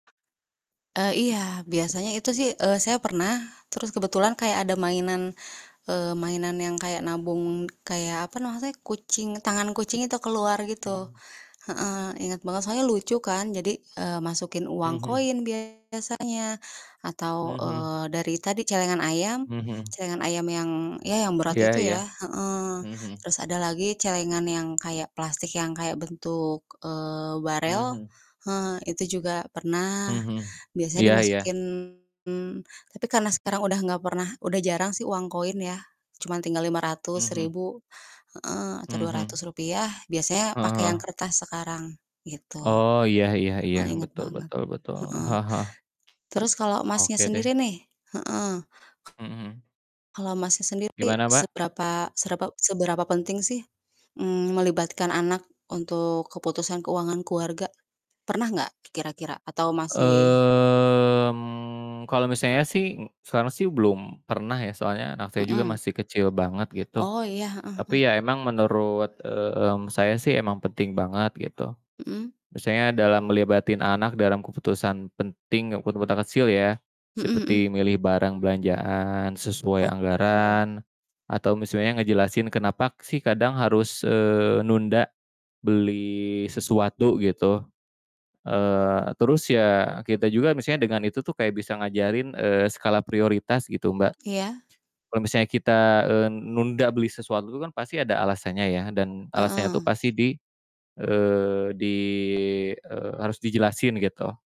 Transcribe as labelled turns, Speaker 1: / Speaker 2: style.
Speaker 1: Eee, iya, biasanya itu sih, eee, saya pernah terus kebetulan kayak ada mainan, eee, mainan yang kayak nabung, kayak apa namanya kucing tangan kucing itu keluar gitu
Speaker 2: Mhm.
Speaker 1: heeh. Inget banget soalnya lucu kan jadi, eee, masukin
Speaker 2: Mhm
Speaker 1: uang
Speaker 2: mhm.
Speaker 1: koin biasanya
Speaker 2: Mhm
Speaker 1: atau,
Speaker 2: mhm.
Speaker 1: eee, dari tadi celengan ayam
Speaker 2: Mhm mhm.
Speaker 1: celengan ayam yang, ya yang berat
Speaker 2: Iya
Speaker 1: itu
Speaker 2: iya.
Speaker 1: ya heeh.
Speaker 2: Mhm mhm.
Speaker 1: Terus ada lagi celengan yang kayak plastik yang kayak bentuk, eee, barel,
Speaker 2: Mhm.
Speaker 1: eee, itu juga
Speaker 2: Mhm
Speaker 1: pernah
Speaker 2: mhm.
Speaker 1: biasanya
Speaker 2: Iya iya.
Speaker 1: dimasukin tapi karena sekarang udah nggak pernah udah jarang sih uang koin ya, cuman tinggal Rp500,
Speaker 2: Mhm.
Speaker 1: Rp 1000 heeh, atau dua ratus
Speaker 2: Mhm.
Speaker 1: rupiah biasanya
Speaker 2: Heeh
Speaker 1: pake yang
Speaker 2: heeh.
Speaker 1: kertas sekarang gitu.
Speaker 2: Oh, iya iya iya.
Speaker 1: Heeh, inget
Speaker 2: Betul
Speaker 1: banget,
Speaker 2: betul betul.
Speaker 1: heeh.
Speaker 2: Heeh heeh.
Speaker 1: Terus kalo Masnya
Speaker 2: Oke deh.
Speaker 1: sendiri nih heeh.
Speaker 2: Mhm mhm.
Speaker 1: Kalau, Masnya, sendiri
Speaker 2: Gimana Mbak?
Speaker 1: seberapa, serapa seberapa penting sih, mmm, melibatkan anak untuk keputusan keuangan keluarga? Pernah nggak kira-kira atau masih
Speaker 2: Mmm, kalo misalnya sih, e sekarang sih belum pernah ya, soalnya anak saya juga
Speaker 1: Mhm.
Speaker 2: masih kecil banget gitu.
Speaker 1: Oh, ya. Heeh heeh.
Speaker 2: Tapi ya emang menurut, mmm, saya sih emang penting banget gitu.
Speaker 1: Mhm.
Speaker 2: Misalnya dalam ngelibatin anak dalam keputusan penting, kepu keputusan kecil ya.
Speaker 1: Mhm mhm.
Speaker 2: Seperti milih barang belanjaan sesuai
Speaker 1: Oke.
Speaker 2: anggaran atau misalnya ngejelasin kenapa sih, kadang harus, eee, nunda beli sesuatu gitu, eee, terus ya, kita juga misalnya dengan itu tuh, kayak bisa ngajarin, eee, skala prioritas gitu, Mbak.
Speaker 1: Iya.
Speaker 2: Kalau misalnya kita, eee, nunda beli sesuatu itu kan pasti ada alasannya ya dan alasannya tuh
Speaker 1: Heeh.
Speaker 2: pasti di, eee, di eee, harus dijelasin gitu.